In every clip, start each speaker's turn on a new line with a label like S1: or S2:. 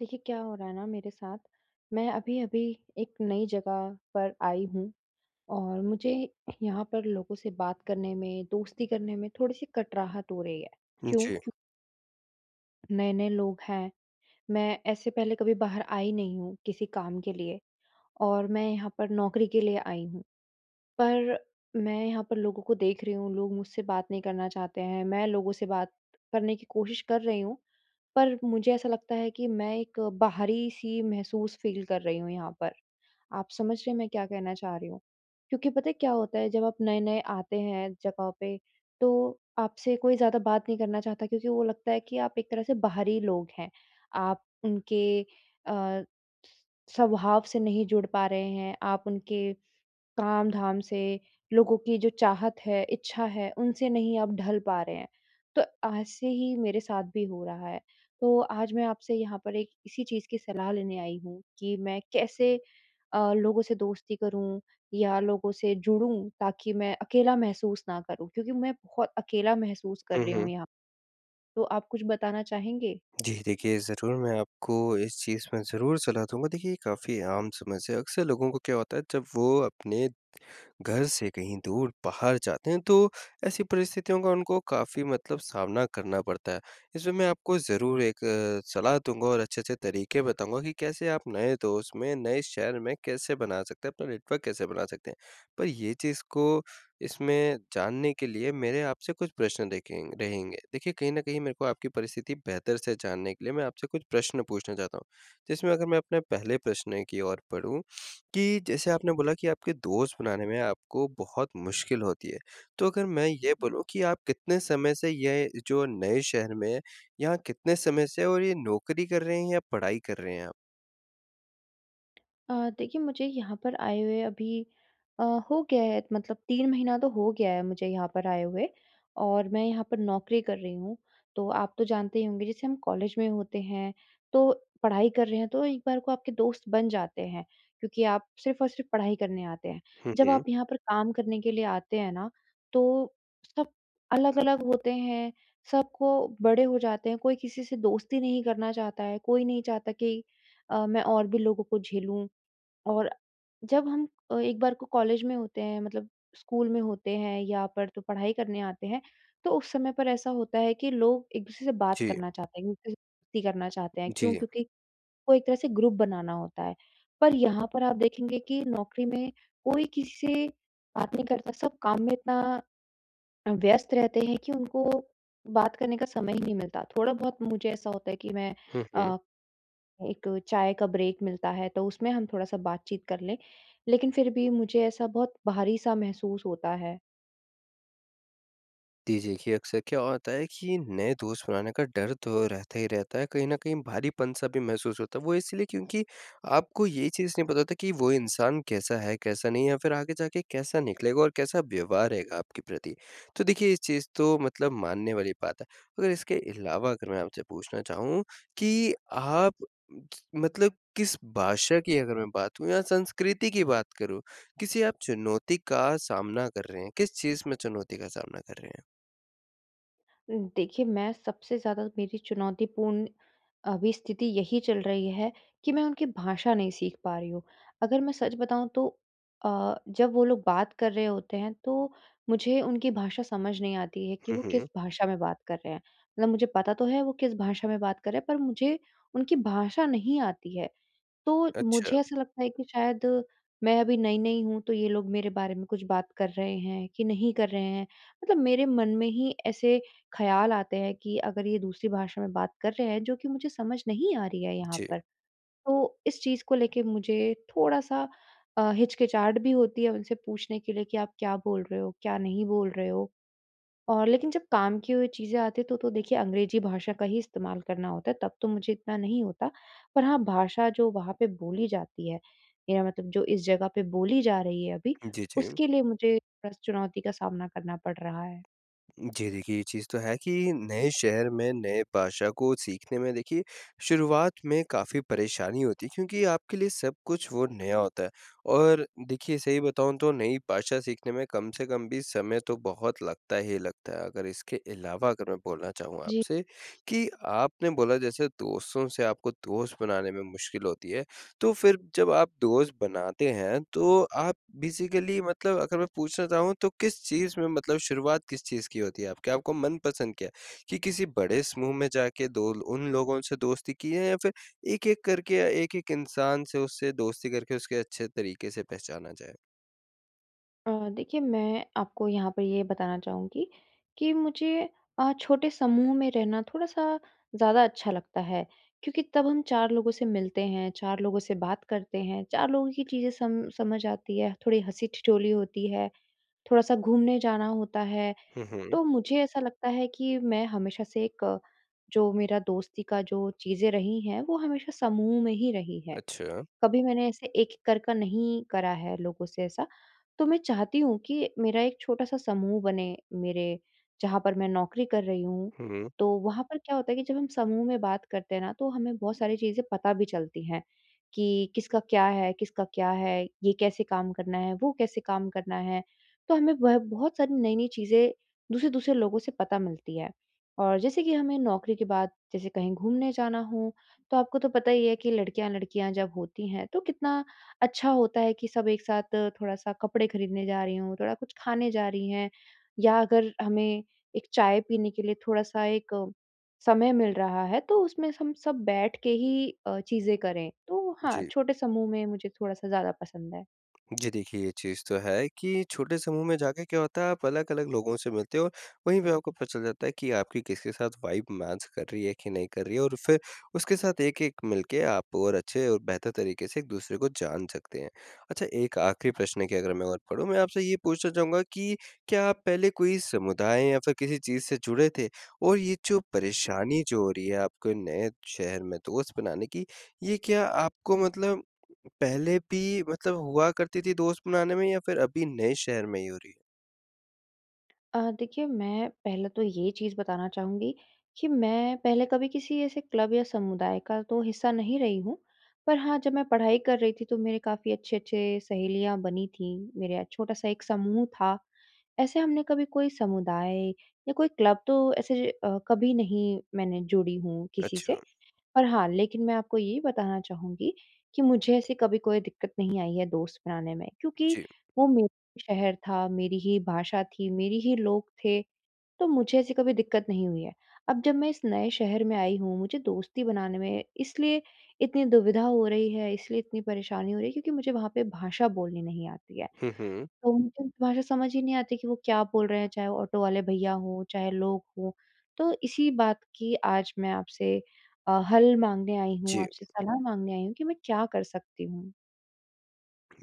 S1: देखिए, क्या हो रहा है ना मेरे साथ, मैं अभी-अभी एक नई जगह पर आई हूँ और मुझे यहाँ पर लोगों से बात करने में, दोस्ती करने में थोड़ी-सी कटराहट हो रही है।
S2: हुँ,
S1: क्यों?
S2: जी।
S1: क्यू नए-नए लोग हैं, मैं ऐसे पहले कभी बाहर आई नहीं हूँ किसी काम के लिए और मैं यहाँ पर नौकरी के लिए आई हूँ, पर मैं यहाँ पर लोगों को देख रहीं हूँ, लोग मुझसे बात नहीं करना चाहते हैं, मैं लोगों से बात करने की कोशिश कर रहीं हूँ, पर मुझे ऐसा लगता है कि मैं एक बाहरी-सी महसूस फ़ील कर रही हूँ यहाँ पर। आप समझ रहे हैं मैं क्या कहना चाह रही हूँ? क्योंकि पता है क्या होता है जब आप नए-नए आते हैं जगहों पे, तो आपसे कोई ज़्यादा बात नहीं करना चाहता क्योंकि वो लगता है कि, आप एक तरह से बाहरी लोग हैं, आप उनके अ, स्वभाव से नहीं जुड़ पा रहे हैं, आप उनके काम-धाम से, लोगों की जो चाहत है, इच्छा है उनसे नहीं आप ढल पा रहे हैं। तो ऐसे ही मेरे साथ भी हो रहा है, तो आज मैं आपसे यहाँ पर एक इसी चीज़ की सलाह लेने आई हूँ कि मैं कैसे अ, लोगों से दोस्ती करूँ या लोगों से जुड़ूँ ताकि मैं अकेला महसूस ना करूँ। क्योंकि मैं बहुत अकेला महसूस कर
S2: हुँ,
S1: रही
S2: हुँ।
S1: हूँ यहाँ, तो आप कुछ बताना चाहेंगे?
S2: जी, देखिए ज़रूर, मैं आपको इस चीज़ में ज़रूर सलाह दूँगा, देखिए ये काफ़ी आम समस्या है, अक्सर लोगों को क्या होता है जब वो अपने घर से कहीं दूर बाहर जाते हैं तो ऐसी परिस्थितियों का उनको काफ़ी मतलब सामना करना पड़ता है। इसमें मैं आपको ज़रूर एक सलाह दूँगा और अच्छे-अच्छे तरीके बताऊँगा कि कैसे आप नए दोस्त में, नए शहर में कैसे बना सकते हैं अपना नेटवर्क कैसे बना सकतें हैं। पर ये चीज़ को इसमें जानने के लिए मेरे आप से कुछ प्रश्न देखें रहेंगे। देखिए कहीं न कहीं मेरे को आपकी परिस्थिति बेहतर से जानने के लिए मैं आपसे कुछ प्रश्न पूछना चाहता हूँ, जिसमें अगर मैं अपने पहले प्रश्न की ओर बढ़ूँ कि, जैसे आपने बोला कि आपके दोस्त बनाने में आपको बहुत मुश्किल होती है। तो अगर मैं ये बोलूँ कि आप कितने समय से ये जो नए शहर में, यहाँ कितने समय से और ये नौकरी कर रहे हैं या पढ़ाई कर रहे हैं आप?
S1: अ, देखिए मुझे यहाँ पर आए हुए अभी अ, हो गया है मतलब 3 महीना तो हो गया है मुझे यहाँ पर आए हुए और मैं यहाँ पर नौकरी कर रही हूँ तो आप तो जानते ही होंगे जैसे हम कॉलेज में होते हैं, तो पढ़ाई कर रहे हैं तो एक बार को आपके दोस्त बन जाते हैं, क्योंकि आप सिर्फ़ और सिर्फ़ पढ़ाई करने आते हैं।
S2: हुँ,
S1: जब
S2: हुँ।
S1: आप यहाँ पर काम करने के लिए आते हैं ना, तो सब अलग-अलग होते हैं, सबको बड़े हो जाते हैं, कोई किसी से दोस्ती नहीं करना चाहता है, कोई नहीं चाहता कि अ, मैं और भी लोगों को झेलूँ और जब हम अ, एक बार को कॉलेज में होते हैं, मतलब स्कूल में होते हैं, यहाँ पर तो पढ़ाई करने आते हैं, तो उस समय पर ऐसा होता है कि लोग एक दूसरे से बात
S2: जी।
S1: करना चाहते हैं, एक दूसरे से करना चाहते हैं क्यों?
S2: जी।
S1: क्योंकि वो एक तरह से ग्रुप बनाना होता है, पर यहाँ पर आप देखेंगे कि नौकरी में कोई किसी से बात नहीं करता, सब काम में इतना व्यस्त रहते हैं कि उनको बात करने का समय ही नहीं मिलता, थोड़ा बहुत मुझे ऐसा होता है कि मैं
S2: हुँ, हुँ।
S1: अ, एक चाय का ब्रेक मिलता है, तो उसमें हम थोड़ा-सा बातचीत कर लें, लेकिन फिर भी मुझे ऐसा बहुत भारी-सा महसूस होता है।
S2: जी देखिए, अक्सर क्या होता है कि नए दोस्त बनाने का डर तो रहता ही रहता है, कहीं न कहीं भारीपन-सा भी महसूस होता है, वो इसलिए क्योंकि आपको ये चीज़ नहीं पता होता कि वो इंसान कैसा है, कैसा नहीं है या फिर आगे जाके कैसा निकलेगा और कैसा व्यवहार रहेगा आपके प्रति? तो देखिए इस चीज़ तो मतलब मानने वाली बात है। और इसके अलावा अगर मैं आपसे पूछना चाहूँ कि आप मतलब किस भाषा की अगर मैं बात करूँ या संस्कृति की बात करूँ किसी आप चुनौती का सामना कर रहे हैं, किस चीज़ में चुनौती का सामना कर रहे हैं?
S1: उ, देखिए, मैं सबसे ज़्यादा मेरी चुनौतीपूर्ण अभी स्थिति यही चल रही है कि मैं उनकी भाषा नहीं सीख पा रही हूँ। अगर मैं सच बताऊँ तो अ, जब वो लोग बात कर रहे होते हैं, तो मुझे उनकी भाषा समझ नहीं आती है कि
S2: हुँ,
S1: वो किस
S2: हुँ।
S1: भाषा में बात कर रहे हैं, मतलब मुझे पता तो है वो किस भाषा में बात कर रहे हैं, पर मुझे उनकी भाषा नहीं आती है। तो
S2: अच्छा।
S1: मुझे ऐसा लगता है कि शायद मैं अभी नई-नई हूँ तो ये लोग मेरे बारे में कुछ बात कर रहे हैं, कि नहीं कर रहे हैं। मतलब मेरे मन में ही ऐसे ख़याल आते हैं कि अगर ये दूसरी भाषा में बात कर रहे हैं, जो कि मुझे समझ नहीं आ रही है यहाँ
S2: जी।
S1: पर। तो इस चीज़ को लेके मुझे थोड़ा-सा अ, हिचकिचाहट भी होती है उनसे पूछने के लिए कि आप क्या बोल रहे हो? क्या नहीं बोल रहे हो? और लेकिन जब काम की हुई चीज़ें आती हैं तो, तो देखिए अंग्रेजी भाषा का ही इस्तेमाल करना होता है, तब तो मुझे इतना नहीं होता पर हाँ, भाषा जो वहाँ पे बोली जाती है, मेरा मतलब जो इस जगह पे बोली जा रही है अभी,
S2: जी, जी। हुँ।
S1: उसके लिए मुझे बस चुनौती का सामना करना पड़ रहा है।
S2: जी, देखिए ये चीज़ तो है कि नए शहर में, नए भाषा को सीखने में देखिए शुरुआत में काफ़ी परेशानी होती है, क्योंकि आपके लिए सब कुछ वो नया होता है। और देखिए सही बताऊँ तो नई भाषा सीखने में कम से कम भी समय तो बहुत लगता ही लगता है, अगर इसके अलावा अगर मैं बोलना चाहूँगा
S1: जी।
S2: आपसे कि आपने बोला जैसे दोस्तों से आपको दोस्त बनाने में मुश्किल होती है, तो फिर जब आप दोस्त बनाते हैं, तो आप बेसिकली मतलब अगर मैं पूछना चाहूँ तो किस चीज़ में मतलब शुरुआत किस चीज़ की होती आप क्या आपको मनपसंद क्या है? कि किसी बड़े समूह में जाके दो ल उन लोगों से दोस्ती की है या फिर एक-एक करके या एक-एक इंसान से उससे दोस्ती करके उसको अच्छे तरीके से पहचाना जाएँ?
S1: अ, देखिए, मैं आपको यहाँ पर ये बताना चाहूँगी कि मुझे अ, छोटे समूह में रहना थोड़ा-सा ज़्यादा अच्छा लगता है। क्योंकि तब हम 4 लोगों से मिलते हैं, 4 लोगों से बात करते हैं, 4 लोगों की चीज़ें सम समझ आती हैं, थोड़ी हँसी-ठिठोली होती है, थोड़ा-सा घूमने जाना होता है।
S2: हुँ, हुँ।
S1: तो मुझे ऐसा लगता है कि मैं हमेशा से एक जो मेरा दोस्ती का जो चीज़ें रही हैं, वो हमेशा समूह में ही रही हैं।
S2: अच्छा।
S1: कभी मैंने ऐसे एक-एक कर कर नहीं करा है लोगों से ऐसा। तो मैं चाहती हूँ कि मेरा एक छोटा-सा समूह बने। मेरे जहाँ पर मैं नौकरी कर रही हूँ,
S2: हुँ, हुँ।
S1: तो वहाँ पर क्या होता है कि जब हम समूह में बात करते हैं ना, तो हमें बहुत सारी चीज़ें पता भी चलती हैं कि किसका क्या है, किसका क्या है, ये कैसे काम करना है, वो कैसे काम करना है। तो हमें वह बहुत सारी नई-नई चीज़ें दूसरे-दूसरे लोगों से पता मिलती हैं। और जैसे कि हमें नौकरी के बाद, जैसे कहीं घूमने जाना हो, तो आपको तो पता ही है कि लड़कियाँ-लड़कियाँ जब होती हैं, तो कितना अच्छा होता है कि सब एक साथ थोड़ा-सा कपड़े खरीदने जा रही हों, थोड़ा कुछ खाने जा रही हैं, या अगर हमें एक चाय पीने के लिए थोड़ा-सा एक समय मिल रहा है, तो उसमें स हम सब बैठ के ही अ, चीज़ें करें। तो हाँ,
S2: जी।
S1: छोटे समूह में मुझे थोड़ा-सा ज़्यादा पसंद है।
S2: जी, देखिए, ये चीज़ तो है कि छोटे समूह में जाके क्या होता है, आप अलग-अलग लोगों से मिलते हो और वहीं पे आपको पता चल जाता है कि आपकी किसके साथ वाइब मैच कर रही है, कि नहीं कर रही है, और फिर उसके साथ एक-एक मिलके आप और अच्छे और बेहतर तरीके से एक दूसरे को जान सकते हैं। अच्छा एक आखिरी प्रश्न की अगर मैं ओर बढ़ूँ, मैं आपसे ये पूछना चाहूँगा कि क्या आप पहले कोई समुदाय या फिर किसी चीज़ से जुड़े थे? और ये जो परेशानी जो हो रही है, आपके नए शहर में दोस्त बनाने की, ये क्या आपको मतलब पहले भी मतलब हुआ करती थी दोस्त बनाने में या फिर अभी नए शहर में ही हो रही है?
S1: अ, देखिए, मैं पहले तो ये चीज़ बताना चाहूँगी कि मैं पहले कभी किसी ऐसे क्लब या समुदाय का तो हिस्सा नहीं रही हूँ। पर हाँ, जब मैं पढ़ाई कर रही थी, तो मेरे काफ़ी अच्छे-अच्छे सहेलियाँ बनी थीं, मेरा छोटा-सा एक समूह था। ऐसे हमने कभी कोई समुदाय या कोई क्लब तो ऐसे अ, कभी नहीं, मैंने जुड़ी हूँ, किसी से।
S2: अच्छा।
S1: पर हाँ, लेकिन मैं आपको ये बताना चाहूँगी कि मुझे ऐसी कभी कोई दिक्कत नहीं आई है दोस्त बनाने में। क्योंकि
S2: जी।
S1: वो मेरा शहर था, मेरी ही भाषा थी, मेरी ही लोग थे, तो मुझे ऐसी कभी दिक्क़त नहीं हुई है। अब जब मैं इस नए शहर में आई हूँ, मुझे दोस्ती बनाने में इसलिए इतनी दुविधा हो रही है, इसलिए इतनी परेशानी हो रही है, क्योंकि मुझे वहाँ पे भाषा बोलनी नहीं आती है।
S2: हुँ, हुँ।
S1: तो उनको भाषा समझ ही नहीं आती कि वो क्या बोल रहे हैं, चाहे वो ऑटो वाले भैया हों, चाहे लोग हों। तो इसी बात की आज मैं आपसे अ, हल माँगने आयी हूँ,
S2: जी।
S1: आपसे सलाह माँगने आयी हूँ कि मैं क्या कर सकती हूँ?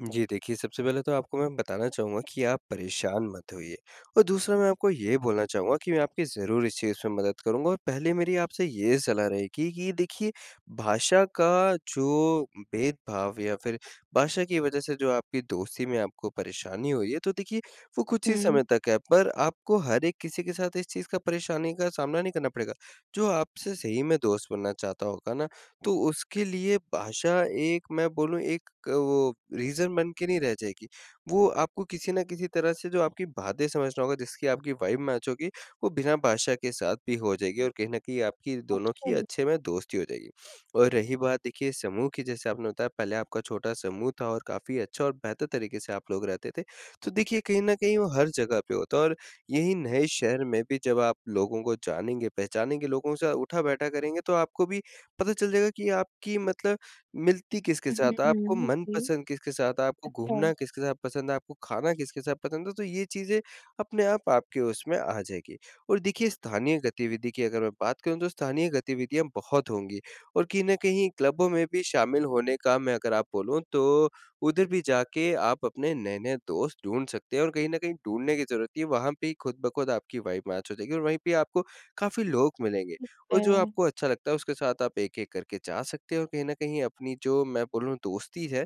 S2: जी, देखिए, सबसे पहले तो आपको मैं बताना चाहूँगा कि आप परेशान मत होइए। और दूसरा, मैं आपको ये बोलना चाहूँगा कि मैं आपकी ज़रूर इस चीज़ में मदद करूँगा और पहले मेरी आपसे ये सलाह रहेगी कि देखिए, भाषा का जो भेदभाव या फिर भाषा की वजह से जो आपकी दोस्ती में आपको परेशानी हुई है, तो देखिए, वो कुछ ही
S1: हुँ।
S2: समय तक है। पर आपको हर एक किसी के साथ इस चीज़ का, परेशानी का सामना नहीं करना पड़ेगा, जो आपसे सही में दोस्त बनना चाहता होगा ना, तो उसके लिए भाषा एक मैं बोलूँ, एक अ, वो रीज़न बन के नहीं रह जाएगी। वो आपको किसी ना किसी तरह से जो आपकी बातें समझ रहा होगा, जिसकी आपकी वाइब मैच होगी, वो बिना भाषा के साथ भी हो जाएगी और कहीं न कहीं आपकी दोनों की
S1: अच्छा, जी।
S2: अच्छे में दोस्ती हो जाएगी। और रही बात, देखिए, समूह की, जैसे आपने बताया, पहले आपका छोटा-सा समूह था और काफ़ी अच्छा और बेहतर तरीके से आप लोग रहते थे। तो देखिए, कहीं न कहीं वो हर जगह पे होता है और यही नए शहर में भी जब आप लोगों को जानेंगे, पहचानेंगे, लोगों के साथ उठा-बैठा करेंगे, तो आपको भी पता चल जाएगा कि आपकी मतलब मिलती किसके साथ है, आपको
S1: हुँ, जी।
S2: मनपसंद किसके साथ है, आपको घूमना
S1: अच्छा।
S2: किसके साथ पसंद है, आपको खाना किसके साथ पसंद है, तो ये चीज़ें अपने आप आपके उसमें आ जाएगी। और देखिए, स्थानीय गतिविधि की अगर मैं बात करूँ, तो स्थानीय गतिविधियाँ बहुत होंगी और कहीं न कहीं क्लबों में भी शामिल होने का, मैं अगर आप बोलूँ तो, उधर भी जाके आप अपने नए-नए दोस्त ढूँढ़ सकते हैं। और कहीं न कहीं ढूँढ़ने की ज़रूरत नहीं है, वहाँ पे ही खुद-ब-खुद आपकी वाइब मैच हो जाएगी और वहीं पे ही आपको काफ़ी लोग मिलेंगे
S1: ठीक
S2: और जो
S1: है।
S2: आपको अच्छा लगता है, उसके साथ आप एक-एक करके जा सकते हैं और कहीं न कहीं अपनी जो, मैं बोलूँ, दोस्ती है,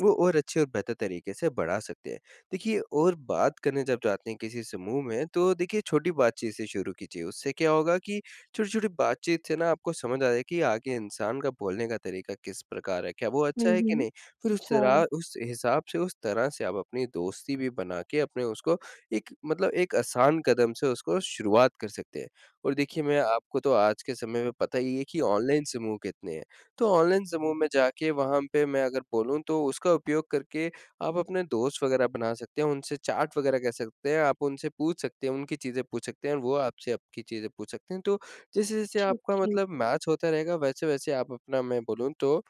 S2: वो और अच्छे और बेहतर तरीके से बढ़ा सकते हैं। देखिए, और बात करने जब जाते हैं, किसी समूह में, तो देखिए, छोटी बातचीत से शुरू कीजिए, उससे क्या होगा कि छोटी-छोटी बातचीत से ना, आपको समझ आ जाएगा कि आगे इंसान का बोलने का तरीका किस प्रकार है, क्या वो
S1: हुँ,
S2: अच्छा है कि
S1: हुँ।
S2: नहीं? फिर उस
S1: अच्छा।
S2: तरह उस हिसाब से, उस तरह से आप अपनी दोस्ती भी बना के अपने उसको एक मतलब एक आसान कदम से उसको शुरुआत कर सकते हैं। और देखिए, मैं आपको तो आज के समय में पता ही है कि ऑनलाइन समूह कितने हैं, तो ऑनलाइन समूह में जाके, वहाँ पे मैं अगर बोलूँ, तो उसका उपयोग करके आप अपने दोस्त वगैरह आप बना सकते हैं, उनसे चैट वगैरह कर सकते हैं, आप उनसे पूछ सकते हैं, उनकी चीज़ें पूछ सकते हैं और वो आपसे आपकी चीज़ें पूछ सकते हैं। तो, जैसे-जैसे
S1: ठीक
S2: आपका
S1: ठीक।
S2: मतलब मैच होता रहेगा, वैसे-वैसे आप अपना, मैं बोलूँ तो,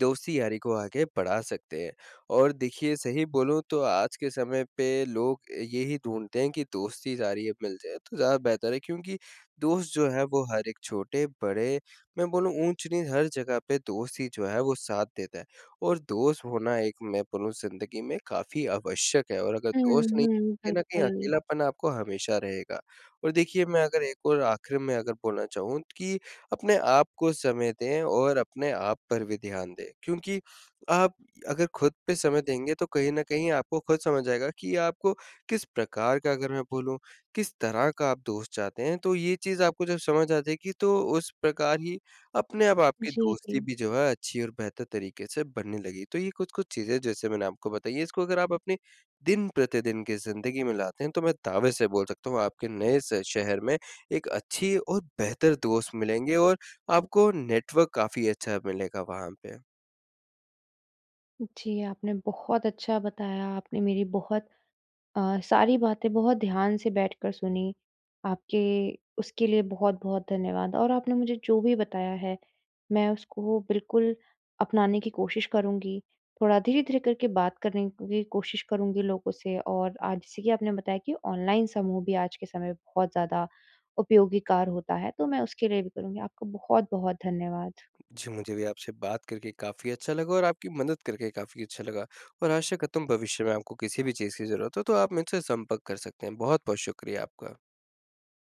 S2: दोस्ती-यारी को आगे बढ़ा सकते हैं। और देखिए, सही बोलूँ तो आज के समय पे लोग यही ढूँढ़ते हैं कि दोस्ती जारी अब मिल जाएँ, तो ज़्यादा बेहतर है, क्योंकि दोस्त जो हैं, वो हर एक छोटे-बड़े मैं बोलूँ ऊँच-नीच हर जगह पे दोस्त ही जो हैं, वो साथ देता हैं। और दोस्त होना एक मैं बोलूँ ज़िंदगी में काफ़ी आवश्यक है, और अगर
S1: हुँ,
S2: दोस्त नहीं,
S1: हुँ,
S2: तो कहीं न कहीं
S1: बिल्कुल।
S2: अकेलापन आपको हमेशा रहेगा। और देखिए, मैं अगर एक और आखिर में अगर बोलना चाहूँ त कि अपने आप को समय दें और अपने आप पर भी ध्यान दें, क्योंकि आप अगर खुद पे समय देंगे, तो कहीं न कहीं आपको खुद समझ आएगा कि आपको किस प्रकार का अगर मैं बोलूँ, किस तरह का आप दोस्त चाहते हैं, तो ये चीज़ आपको जब समझ आजाएगी, तो उस प्रकार ही अपने आप आपकी
S1: जी,
S2: दोस्ती
S1: जी।
S2: भी जो है, अच्छी और बेहतर तरीके से बनने लगेगी। तो ये कुछ-कुछ चीज़ें जैसे मैंने आपको बताई हैं, इसको अगर आप अपनी दिन-प्रतिदिन की ज़िंदगी में लाते हैं, तो मैं दावे से बोल सकता हूँ, आपके नए स शहर में, एक अच्छी और बेहतर दोस्त मिलेंगे और आपको नेटवर्क काफ़ी अच्छा मिलेगा वहाँ पे।
S1: जी, आपने बहुत अच्छा बताया, आपने मेरी बहुत अ, सारी बातें बहुत ध्यान से बैठकर सुनी, आपके उसके लिए बहुत-बहुत धन्यवाद। और आपने मुझे जो भी बताया है, मैं उसको बिल्कुल अपनाने की कोशिश करूँगी, थोड़ा धीरे-धीरे करके बात करने की भी कोशिश करूँगी लोगों से, और आज जैसे कि आपने बताया कि ऑनलाइन समूह भी आज के समय पे बहुत ज़्यादा उपयोगिकार होता है, तो मैं उसके लिए भी करूँगी। आपको बहुत-बहुत धन्यवाद।
S2: जी, मुझे भी आपसे बात करके काफ़ी अच्छा लगा और आपकी मदद करके काफ़ी अच्छा लगा, और आशा करता हूँ भविष्य में आपको किसी भी चीज़ की ज़रूरत हो, तो आप मुझसे संपर्क कर सकते हैं। बहुत-बहुत शुक्रिया आपका।